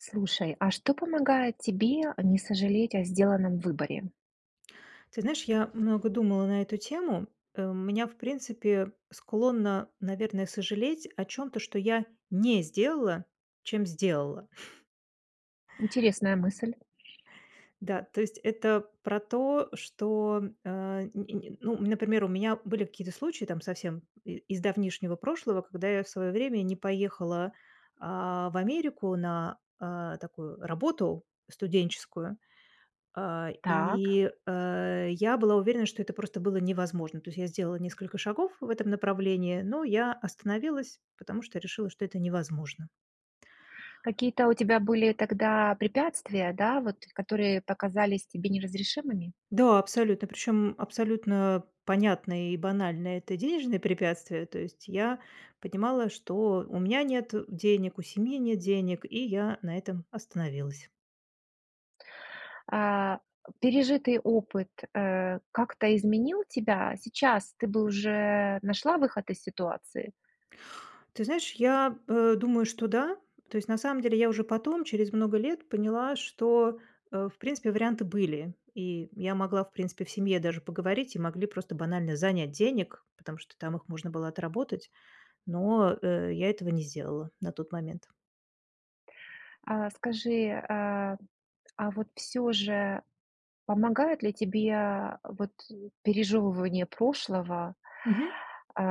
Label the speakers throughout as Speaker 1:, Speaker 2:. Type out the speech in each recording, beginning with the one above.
Speaker 1: Слушай, а что помогает тебе не сожалеть о сделанном выборе?
Speaker 2: Ты знаешь, я много думала на эту тему. Э, у меня, в принципе, склонна, наверное, сожалеть о чём-то, что я не сделала, чем сделала.
Speaker 1: Интересная мысль.
Speaker 2: Да, то есть это про то, что м а нь нь нь ну, например, у меня были какие-то случаи там совсем и из давнишнего прошлого, когда я в своё время не поехала, а, в Америку на, а, такую работу студенческую, а,
Speaker 1: Так.
Speaker 2: и, э, я была уверена, что это просто было невозможно. То есть я сделала несколько шагов в этом направлении, но я остановилась, потому что решила, что это невозможно.
Speaker 1: Какие-то у тебя были тогда препятствия, да, вот, которые показались тебе неразрешимыми?
Speaker 2: Да, абсолютно, причём абсолютно понятное и банальное- это денежные препятствия, то есть я понимала, что у меня нет денег, у семьи нет денег, и я на этом остановилась.
Speaker 1: А, пережитый опыт, э, как-то изменил тебя? Сейчас ты бы уже нашла выход из ситуации?
Speaker 2: Ты знаешь, я, э, думаю, что да. То есть, на самом деле я уже потом, через много лет, поняла, что, э, в принципе, варианты были, и я могла, в принципе, в семье даже поговорить, и могли просто банально занять денег, потому что там их можно было отработать, но, э, я этого не сделала на тот момент.
Speaker 1: А, скажи, а, а, вот всё же помогает ли тебе вот пережёвывание прошлого,
Speaker 2: Мгм.
Speaker 1: э,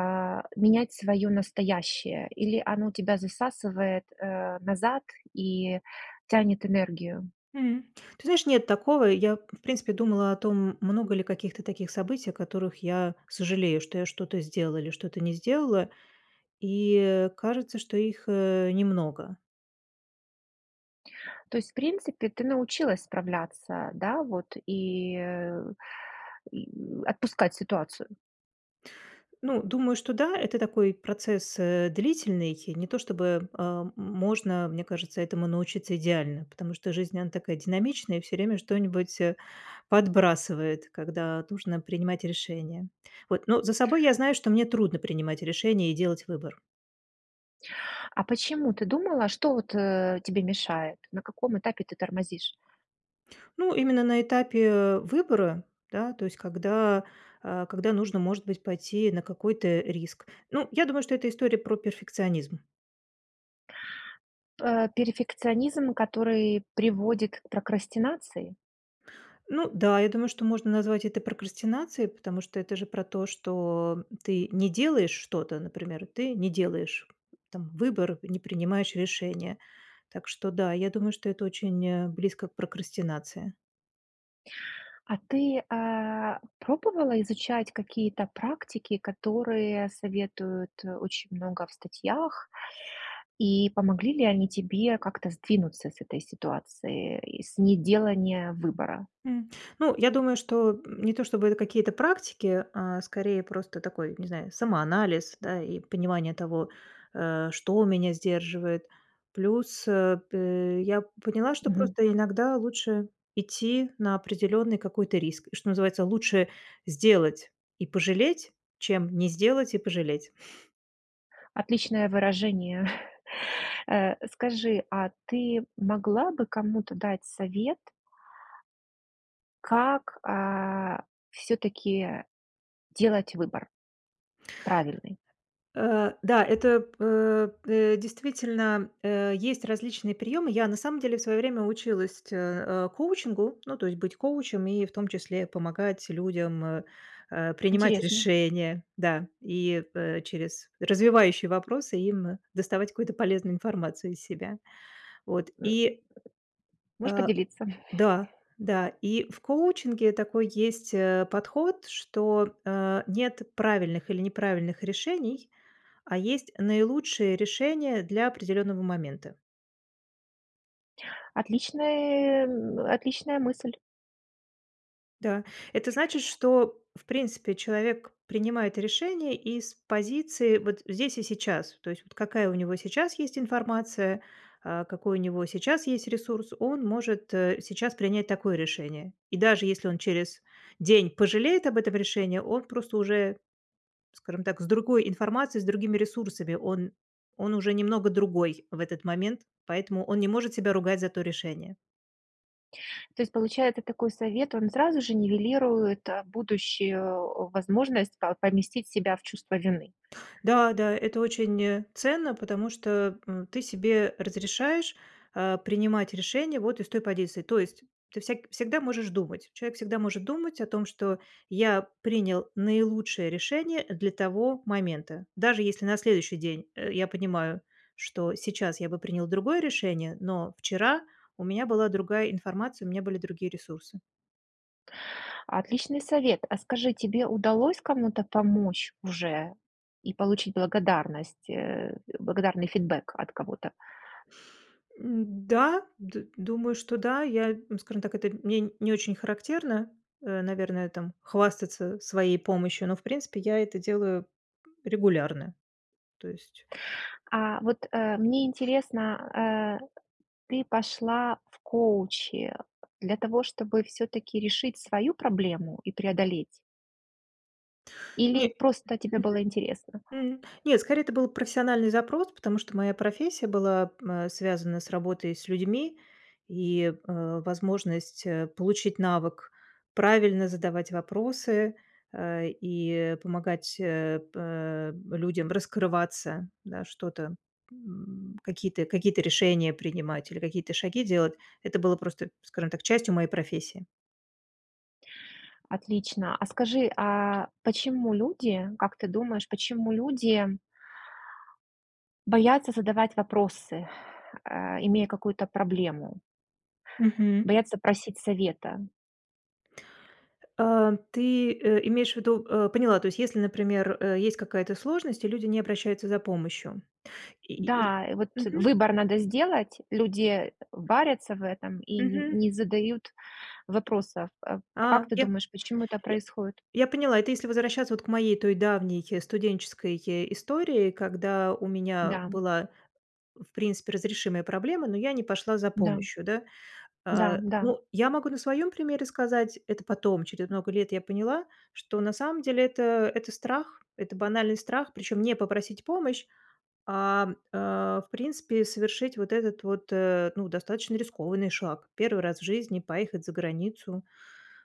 Speaker 1: менять своё настоящее? Или оно тебя засасывает, э, назад и тянет энергию?
Speaker 2: М, ты знаешь, нет такого. Я, в принципе, думала о том, много ли каких-то таких событий, о которых я сожалею, что я что-то сделала или что-то не сделала, и кажется, что их, э, немного.
Speaker 1: То есть в принципе, ты научилась справляться, да, вот, и и отпускать ситуацию?
Speaker 2: Ну, думаю, что да, это такой процесс, э, длительный. Не то чтобы, э, м можно, мне кажется, этому научиться идеально, потому что жизнь, она такая динамичная, и всё время что-нибудь, э, подбрасывает, когда нужно принимать решения, вот. Но за собой я знаю, что мне трудно принимать решения и делать выбор.
Speaker 1: А почему ты думала что вот, э, тебе мешает? На каком этапе ты тормозишь?
Speaker 2: Ну, именно на этапе, э, выбора, да, то есть когда, э, когда нужно, может быть, пойти на какой-то риск. Ну, я думаю, что это история про перфекционизм.
Speaker 1: Э, перфекционизм, который приводит к прокрастинации?
Speaker 2: Ну да, я думаю, что можно назвать это прокрастинацией, потому что это же про то, что, м, ты не делаешь что-то, например, ты не делаешь там выбор, не принимаешь решения. Так что да, я думаю, что это очень близко к прокрастинации.
Speaker 1: А ты, а, пробовала изучать какие-то практики, которые советуют очень много в статьях, и помогли ли они тебе как-то сдвинуться с этой ситуации и с неделания выбора?
Speaker 2: М, ну, я думаю, что, м, не то чтобы это какие-то практики, а скорее просто такой, не знаю, самоанализ, да, и понимание того, э, что меня сдерживает. Плюс, э, п э, я поняла, что
Speaker 1: Мгм.
Speaker 2: просто иногда лучше идти на определенный какой-то риск, и, что называется, лучше сделать и пожалеть, чем не сделать и пожалеть.
Speaker 1: Отличное выражение. Э, скажи, а ты могла бы кому-то дать совет как, э, всё-таки делать выбор правильный?
Speaker 2: Э, да, это п э. Э, действительно, э, есть различные приемы. Я на самом деле в свое время училась те э, коучингу, ну, то есть быть коучем и, в том числе, помогать людям, э э принимать
Speaker 1: Интересно.
Speaker 2: решения, да, и, э, через развивающие вопросы им доставать какую-то полезную информацию из себя. Вот. И
Speaker 1: Можешь
Speaker 2: А.
Speaker 1: поделиться?
Speaker 2: Да, да, и в коучинге такой есть, э, подход, что, э, нет правильных или неправильных решений, а есть наилучшие решения для определённого момента.
Speaker 1: Отличный м, отличная мысль.
Speaker 2: Да. Это значит, что, в принципе, человек принимает решение из позиции вот здесь и сейчас. То есть вот какая у него сейчас есть информация, а какой у него сейчас есть ресурс, он может, э, сейчас принять такое решение. И даже если он через день пожалеет об этом решении, он просто уже, скажем так, с другой информацией, с другими ресурсами, он он уже немного другой в этот момент, поэтому он не может себя ругать за то решение.
Speaker 1: То есть получается, такой совет, он сразу же нивелирует, а, будущую, э, возможность по поместить себя в чувство вины.
Speaker 2: Да-да, это очень, э, ценно, потому что, м, ты себе разрешаешь, а, принимать решения вот из той позиции. То есть ты всяк всегда можешь думать, человек всегда может думать о том, что: я принял наилучшее решение для того момента, даже если на следующий день, э, я понимаю, что сейчас я бы принял другое решение, но вчера у меня была другая информация, у меня были другие ресурсы.
Speaker 1: Отличный совет. А скажи, тебе удалось кому-то помочь уже и получить благодарность, э, благодарный фидбек от кого-то?
Speaker 2: Н-да, д думаю, что да. Я, скажем так, это мне не очень характерно, э, наверное, там, хвастаться своей помощью, но, в принципе, я это делаю регулярно. То есть
Speaker 1: А вот, э, мне интересно, э, ты пошла в коучи для того, чтобы всё-таки решить свою проблему и преодолеть? Или
Speaker 2: Не
Speaker 1: просто тебе
Speaker 2: мгм.
Speaker 1: было интересно?
Speaker 2: М, нет, скорее, это был профессиональный запрос, потому что моя профессия была, э, связана с работой и с людьми, и, э, возможность, э, получить навык правильно задавать вопросы, э, и помогать, э, пэ людям раскрываться, да, что-то, м, какие-то какие-то решения принимать или какие-то шаги делать. Это было просто, скажем так, частью моей профессии.
Speaker 1: Отлично. А скажи, а почему люди как ты думаешь, почему люди боятся задавать вопросы, э, имея какую-то проблему?
Speaker 2: Мгм.
Speaker 1: Боятся просить совета.
Speaker 2: А ты, э, имеешь в виду, э поняла, то есть если, например, э, есть какая-то сложность и люди не обращаются за помощью. И и и
Speaker 1: Да, и вот
Speaker 2: мгм.
Speaker 1: выбор надо сделать. Люди, э, варятся в этом и не
Speaker 2: Мгм.
Speaker 1: не задают вопросов, а.
Speaker 2: А
Speaker 1: Как ты
Speaker 2: я
Speaker 1: думаешь, почему это
Speaker 2: я
Speaker 1: происходит?
Speaker 2: я поняла, это если возвращаться вот к моей той давней студенческой истории, когда у меня
Speaker 1: Да.
Speaker 2: была, в принципе, разрешимая проблема, но я не пошла за
Speaker 1: Да.
Speaker 2: помощью, да.
Speaker 1: Да,
Speaker 2: А,
Speaker 1: да.
Speaker 2: ну, я могу на своем примере сказать, это потом, через много лет, я поняла, что на самом деле- это это страх, это банальный страх, причем не попросить помощь, ам, э, в принципе совершить вот этот вот, э, ну, достаточно рискованный шаг. 1 раз в жизни поехать за границу,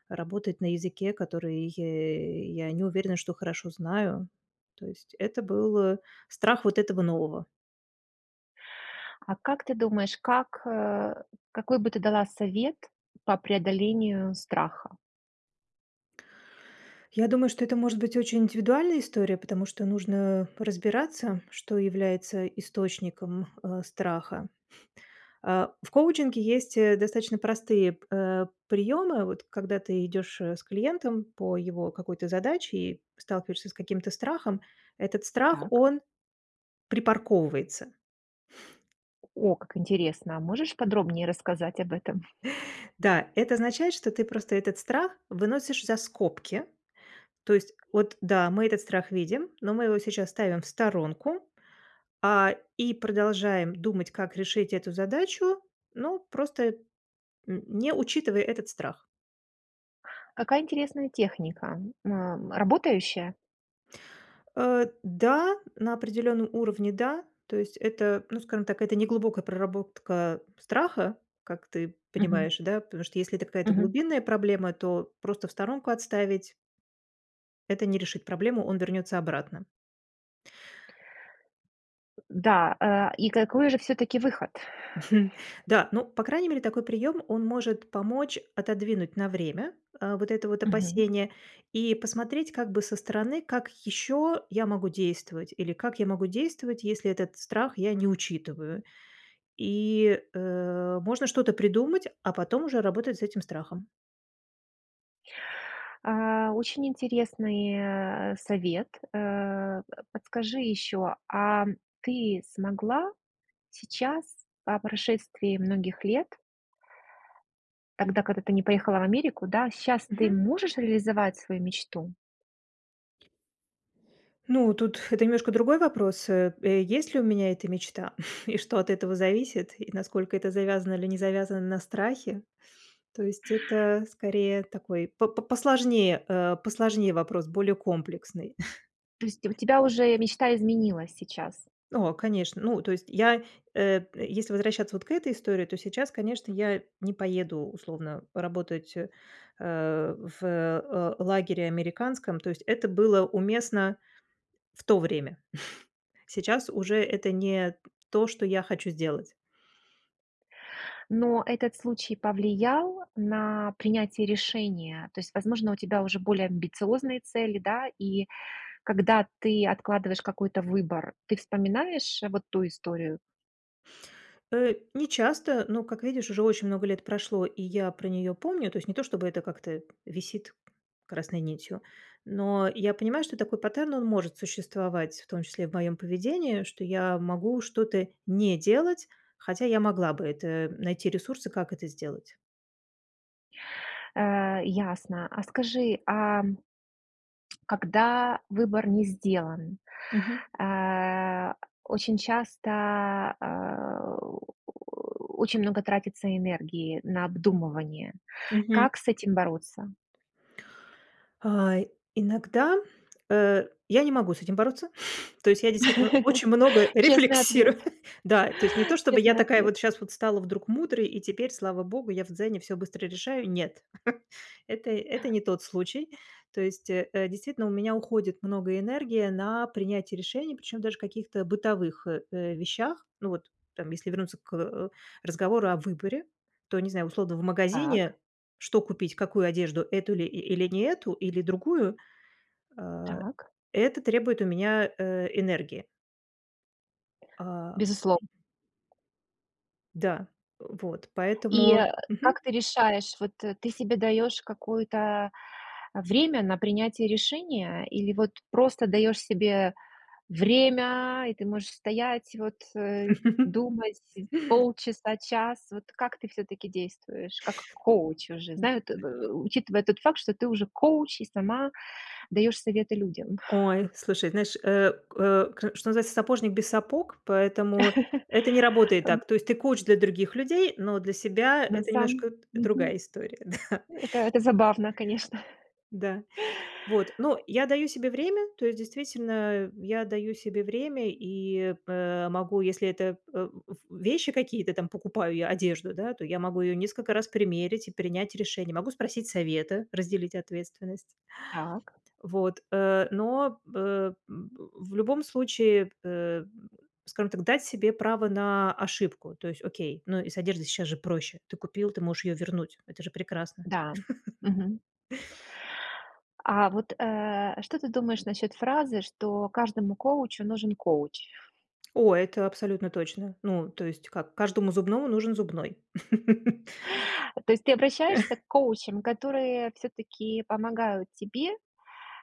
Speaker 2: работать на языке, который е я не уверена, что хорошо знаю. То есть это был, э, страх вот этого нового.
Speaker 1: А как ты думаешь, как э, какой бы ты дала совет по преодолению страха?
Speaker 2: Я думаю, что это может быть очень индивидуальная история, потому что нужно разбираться, что является источником, а, страха. А, в коучинге есть, э, достаточно простые п а, приёмы. Вот когда ты идёшь, э, с клиентом по его какой-то задаче и сталкиваешься с каким-то страхом, этот страх,
Speaker 1: Так.
Speaker 2: он припарковывается.
Speaker 1: О, как интересно. А можешь подробнее рассказать об этом?
Speaker 2: Да, это означает, что ты просто этот страх выносишь за скобки. То есть вот, да, мы этот страх видим, но мы его сейчас ставим в сторонку. А, и продолжаем думать как решить эту задачу, ну, просто н не учитывая этот страх.
Speaker 1: Какая интересная техника, ам, работающая?
Speaker 2: Э, да, на определённом уровне да. То есть это, ну, скажем так, это неглубокая проработка страха, как ты
Speaker 1: Мгм.
Speaker 2: понимаешь, да. Потому что если это какая-то
Speaker 1: Мгм.
Speaker 2: глубинная проблема, то просто в сторонку отставить это не решит проблему, он вернется обратно.
Speaker 1: Да, а, и какой же всё-таки выход?
Speaker 2: Да, ну, по крайней мере, такой прием, он может помочь отодвинуть на время, а, вот это вот
Speaker 1: Мгм.
Speaker 2: опасение и посмотреть как бы со стороны, как еще я могу действовать или как я могу действовать, если этот страх я не учитываю. И, э, можно что-то придумать, а потом уже работать с этим страхом.
Speaker 1: А, очень интересный, э э, совет. Э, подскажи еще, ам, ты смогла сейчас, по прошествии многих лет тогда, когда ты не поехала в Америку, да, щас ты
Speaker 2: Мгм.
Speaker 1: можешь реализовать свою мечту?
Speaker 2: Ну, тут это немножко другой вопрос. Э э есть ли у меня эта мечта? И что от этого зависит? И насколько это завязано или не завязано на страхе? То есть это, скорее, такой по п посложнее, э, посложнее вопрос, более комплексный.
Speaker 1: То есть у тебя уже мечта изменилась сейчас?
Speaker 2: О, конечно. Ну, то есть я, э если возвращаться вот к этой истории, то сейчас, конечно, я не поеду, условно, работать, э, э, в, э, л лагере американском, то есть это было уместно в то время. Сейчас уже это не то, что я хочу сделать.
Speaker 1: Но этот случай повлиял на принятие решения? То есть, возможно, у тебя уже более амбициозные цели, да? И когда ты откладываешь какой-то выбор, ты вспоминаешь вот ту историю?
Speaker 2: Э, нечасто, но, как видишь, уже очень много лет прошло и я про нее помню. То есть не то чтобы это как-то висит красной нитью. Но я понимаю, что такой паттерн- он может существовать, в том числе в моём поведении, что я могу что-то не делать, хотя я могла бы это найти ресурсы, как это сделать.
Speaker 1: Э, ясно. А скажи, ам когда выбор не сделан,
Speaker 2: Мгм.
Speaker 1: а, очень часто, а, очень много тратится энергии на обдумывание.
Speaker 2: Мгм.
Speaker 1: Как с этим бороться?
Speaker 2: А, иногда, э, я не могу с этим бороться. То есть я действительно очень много
Speaker 1: Честный ответ.
Speaker 2: рефлексирую, да. То есть не то чтобы я
Speaker 1: Честный
Speaker 2: такая
Speaker 1: ответ.
Speaker 2: вот щас вот стала вдруг мудрой и теперь, слава богу, я в "Дзене" всё быстро решаю. Нет, это это не тот случай. То есть, э, действительно у меня уходит много энергии на принятие решений, причём даже каких-то бытовых, э э вещах. Ну вот там, если вернуться к, э, разговору о выборе, то, не знаю, условно в
Speaker 1: Так.
Speaker 2: магазине, что купить: какую одежду, эту ли и или не эту, или другую. А,
Speaker 1: Так.
Speaker 2: это требует у меня, э, энергии. А
Speaker 1: Безуслов
Speaker 2: Да. Вот.
Speaker 1: И,
Speaker 2: Поэтому
Speaker 1: а,
Speaker 2: Мгм.
Speaker 1: как ты решаешь, вот, э, ты себе даёшь какое-то время на принятие решения или вот просто даёшь себе время, и ты можешь стоять вот, э, думать сь полчаса-час? Вот как ты всё-таки действуешь, как коуч уже,
Speaker 2: М
Speaker 1: знаю ты учитывая тот факт, что ты уже коуч и сама даёшь советы людям?
Speaker 2: Ой, слушай, знаешь, э, к э, к что называется, сапожник без сапог, поэтому это не работает
Speaker 1: Ам.
Speaker 2: так. То есть ты коуч для других людей, но для себя-
Speaker 1: На
Speaker 2: это
Speaker 1: сам
Speaker 2: немножко д другая
Speaker 1: Мгм.
Speaker 2: история, да.
Speaker 1: Это это забавно, конечно.
Speaker 2: Да, вот, но я даю себе
Speaker 1: Ай.
Speaker 2: время. То есть, действительно, я даю себе время и, э, могу, если это, э, в в вещи какие-то, там покупаю я одежду, да, то я могу её несколько раз примерить и принять решение. Могу спросить совета, разделить ответственность.
Speaker 1: Так.
Speaker 2: Т вот, э, но б э, м б в любом случае, э, скажем так, дать себе право на ошибку. То есть окей, но и с одеждой сейчас же проще. Ты купил, ты можешь ее вернуть. Это же прекрасно.
Speaker 1: Да. Мгм. А вот, э, а что ты думаешь насчёт фразы, что каждому коучу нужен коуч?
Speaker 2: О, это абсолютно точно. Ну, то есть как: каждому зубному нужен зубной.
Speaker 1: Э, то есть ты обращаешься к коучам, которые всё-таки помогают тебе,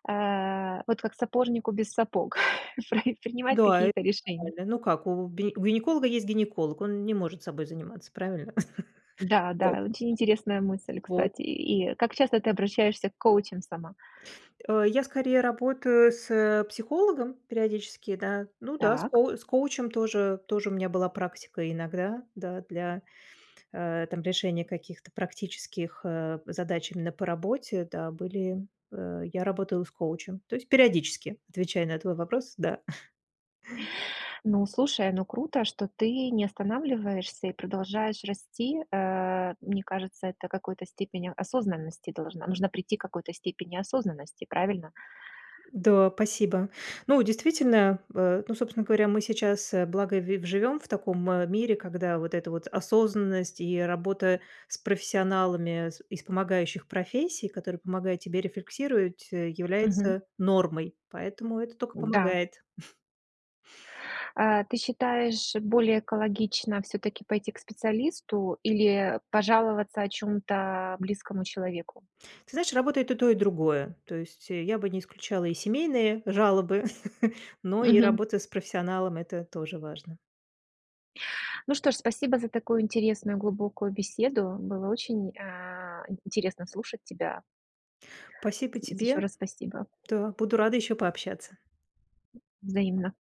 Speaker 1: э, вот как сапожнику без сапог, прав принимать
Speaker 2: Да, это
Speaker 1: какие-то решения?
Speaker 2: нормально. Ну, как, у бе у гинеколога есть гинеколог, он не может собой заниматься, правильно? Вот.
Speaker 1: Да-да, очень интересная мысль,
Speaker 2: Вот.
Speaker 1: кстати. И и как часто ты обращаешься к коучам сама?
Speaker 2: Э, я скорее работаю с психологом периодически, да. Ну да, с
Speaker 1: Так.
Speaker 2: коу с коучем тоже тоже у меня была практика иногда, да, для, э, там, решения каких-то практических, э, задач именно по работе, да, были Э, я работала с коучем, то есть периодически отвечаю на твой вопрос. Да.
Speaker 1: Ну, слушай, ну круто, что ты не останавливаешься и продолжаешь расти. Э, мне кажется, это какой-то степени осознанности должна Нужно прийти к какой-то степени осознанности, правильно?
Speaker 2: Да, спасибо. Ну, действительно, э, ну, собственно говоря, мы сейчас, э, благо ви в живем в таком мире, когда вот эта вот осознанность и работа с профессионалами, с из помогающих профессий, которые помогают тебе рефлексировать, э,
Speaker 1: Мгм.
Speaker 2: является нормой. Поэтому это тока
Speaker 1: Да.
Speaker 2: помогает.
Speaker 1: Э, ты считаешь, более экологично всё-таки пойти к специалисту или пожаловаться о чём-то близкому человеку?
Speaker 2: Ты знаешь, работает и то и другое. То есть, э, я бы не исключала и семейные жалобы, но и
Speaker 1: Мгм.
Speaker 2: работа с профессионалом- это тоже важно.
Speaker 1: Ну что ж, спасибо за такую интересную, глубокую беседу. Было очень, а, интересно слушать тебя.
Speaker 2: Спасибо
Speaker 1: Из и ещё
Speaker 2: тебе.
Speaker 1: раз спасибо.
Speaker 2: Да, буду рада ещё пообщаться.
Speaker 1: Взаимно.